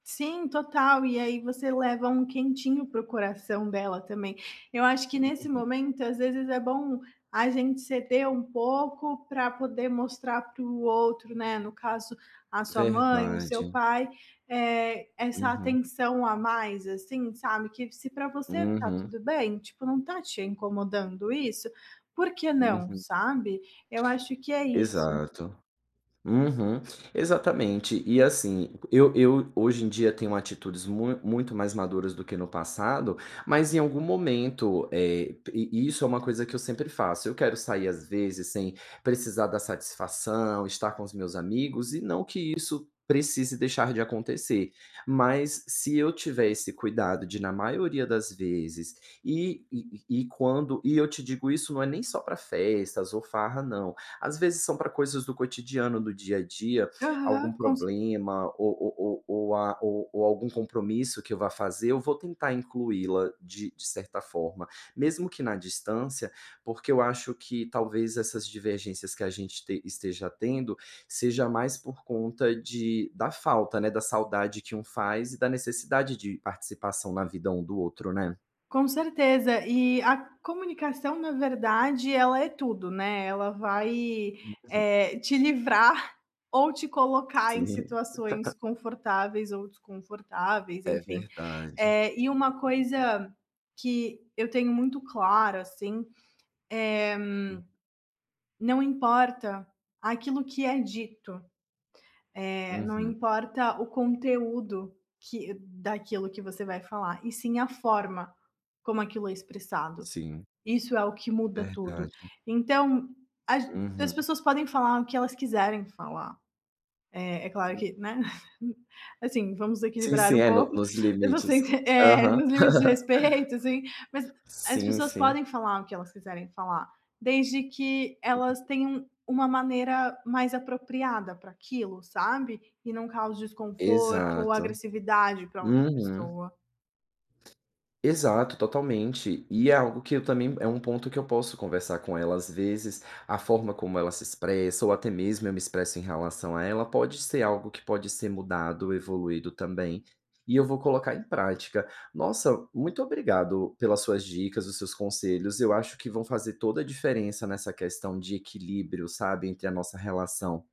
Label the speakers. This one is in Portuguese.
Speaker 1: Sim, total, e aí você leva um quentinho para o coração dela também. Eu acho que nesse
Speaker 2: [unintelligible]
Speaker 1: momento, às vezes é bom a gente ceder um pouco pra poder mostrar para o outro, né, no caso a sua mãe, o seu
Speaker 2: Verdade.
Speaker 1: pai, eh, essa
Speaker 2: Uhum.
Speaker 1: atenção a mais, assim, sabe, que se para você está
Speaker 2: Uhum.
Speaker 1: tudo bem, tipo, não está te incomodando isso, por que não,
Speaker 2: Uhum.
Speaker 1: sabe? Eu acho que é isso.
Speaker 2: Exato. Uhum. Exatamente. E assim, eu eu hoje em dia tenho atitudes mu muito mais maduras do que no passado, mas em algum momento, eh, p i isso é uma coisa que eu sempre faço, eu quero sair às vezes sem precisar dar satisfação, estar com os meus amigos, e não que isso precise deixar de acontecer, mas se eu tiver esse cuidado de na maioria das vezes e e e e quando e eu te digo isso não é nem só para festas ou farra não, às vezes são para coisas do cotidiano, do dia a dia,
Speaker 1: Aham,
Speaker 2: algum
Speaker 1: com c
Speaker 2: problema ou ou ou a ou ou algum compromisso que eu vá fazer, eu vou tentar incluí-la de de certa forma, mesmo que na distância, porque eu acho que talvez essas divergências que a gente t esteja tendo, seja mais por conta de da falta, né, da saudade que um faz e da necessidade de participação na vida um do outro, né.
Speaker 1: Com certeza. E a comunicação, na verdade, ela é tudo, né, ela vai,
Speaker 2: Tem razão.
Speaker 1: eh, te livrar ou te colocar em
Speaker 2: Sim.
Speaker 1: situações confortáveis ou desconfortáveis,
Speaker 2: É
Speaker 1: enfim.
Speaker 2: verdade.
Speaker 1: Eh, e uma coisa que eu tenho muito claro, assim, eh,
Speaker 2: [unintelligible]
Speaker 1: não importa aquilo que é dito, eh, não
Speaker 2: Uhum.
Speaker 1: importa o conteúdo que daquilo que você vai falar, e sim a forma como aquilo é expressado.
Speaker 2: Sim.
Speaker 1: Isso é o que muda tudo.
Speaker 2: Verdade.
Speaker 1: Então ag as
Speaker 2: Uhum.
Speaker 1: pessoas podem falar o que elas quiserem falar. Eh, é claro
Speaker 2: Hum.
Speaker 1: que, né, assim, vamos
Speaker 2: Sim,
Speaker 1: equilibrar
Speaker 2: sim.
Speaker 1: um
Speaker 2: É, no
Speaker 1: pouco,
Speaker 2: nos
Speaker 1: eu vou
Speaker 2: limites.
Speaker 1: sentir é,
Speaker 2: Aham.
Speaker 1: nos limites de respeito, assim, mas as
Speaker 2: Sim,
Speaker 1: pessoas
Speaker 2: sim.
Speaker 1: podem falar o que elas quiserem falar, desde que elas
Speaker 2: [unintelligible]
Speaker 1: tenham uma maneira mais apropriada pra aquilo, sabe, e não cause desconforto ou
Speaker 2: Exato.
Speaker 1: agressividade para outra
Speaker 2: Uhum.
Speaker 1: pessoa.
Speaker 2: Exato, totalmente. E é algo que eu também é um ponto que eu posso conversar com ela, às vezes a forma como ela se expressa ou até mesmo eu me expresso em relação a ela, pode ser algo que pode ser mudado, evoluído também, e eu vou colocar em prática. Nossa, muito obrigado pelas suas dicas, os seus conselhos, eu acho que vão fazer toda a diferença nessa questão de equilíbrio, sabe, entre a nossa relação